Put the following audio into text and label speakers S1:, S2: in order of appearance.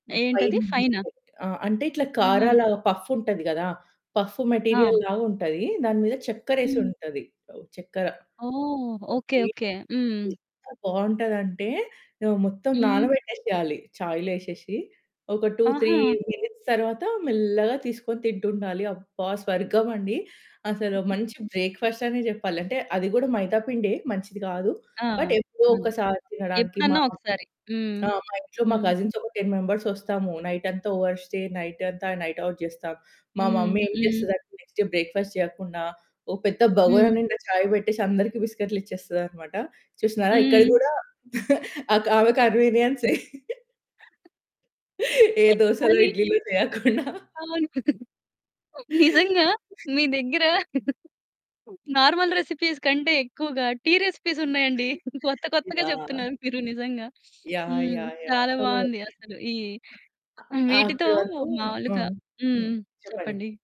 S1: హ్మ్. పైన
S2: ఏంటది ఫైనా?
S1: దీపో ఆ! అంటే ఇట్లా
S2: ఆహా!
S1: కారాలా పఫుంటది కదా! పఫు మెటీరియల్
S2: ఆ!
S1: లాగా ఉంటది. దాని మీద
S2: హ్మ్.
S1: చక్కెరేసుంటది. ఓహ్, చక్కెర.
S2: ఓహ్! ఓకే.
S1: ఓకే.
S2: ఓకే. హ్మ్.
S1: ఎంత బావుంటదంటే, హ్మ్. మొత్తం
S2: హ్మ్.
S1: నానబెట్టేసేయాలి. చాయిలోఏసేసి ఒక 2, 3
S2: ఆహా!
S1: మినిట్స్ తరువాత మెల్లగా తీసుకొని తింటుండాలి అబ్బా! స్వర్గం అండి. అసలు
S2: హుహు.
S1: మంచి బ్రేక్‌ఫాస్టనే చెప్పాలి. అంటే అది కూడా మైదా పిండే, మంచిది కాదు.
S2: ఆ!
S1: బట్, ఎప్పుడో
S2: అదే.
S1: ఒక్కసారి తినడానికి మా
S2: ఎప్పుడన్నా ఒకసారి. హ్మ్.
S1: ఆ! మా ఇంట్లో మా
S2: హ్మ్.
S1: కజిన్స్ ఒక 10 మెంబర్స్ వస్తాము, నైట్ అంతా ఓవర్‌‌‌స్టే నైట్ అంతా నైట్ అవుట్ చేస్తాం. మా
S2: హ్మ్.
S1: మమ్మీ ఏం
S2: హ్మ్.
S1: చేస్తది అంటే, నెక్స్ట్ డే బ్రేక్‌ఫాస్ట్ చేయకుండా, ఒక పెద్ద బగోరా
S2: హ్మ్.
S1: నిండా చాయ్ బెట్టేసి అందరికి బిస్కిట్లు ఇచ్చేస్తదన్నమాట. చూసినారా ఇక్కడ
S2: హ్మ్.
S1: కూడా, అక్ ఆమె కన్వీనియన్సే. ఏ
S2: పే
S1: దోసలో,
S2: కానీ
S1: ఇడ్లీ‌లో చేయకుండా
S2: అవును. నిజంగా, మీ దగ్గర నార్మల్ రెసిపీస్ కంటే ఎక్కువగా టీ రెసిపీసున్నాయండి కొత్త, కొత్తగా
S1: యాహ్!
S2: చెప్తున్నారు మీరు నిజంగా.
S1: యాహ్!
S2: హ్మ్.
S1: యాహ్! యాహ్!
S2: చాలా
S1: సో
S2: బావుంది అసలు. ఈ ఆహ్,
S1: అ అక్కడ
S2: వీటితో
S1: వరకు
S2: మాములుగా
S1: హ్మ్.
S2: హ్మ్.
S1: హ్మ్. చెప్పండి.
S2: చెప్పండి.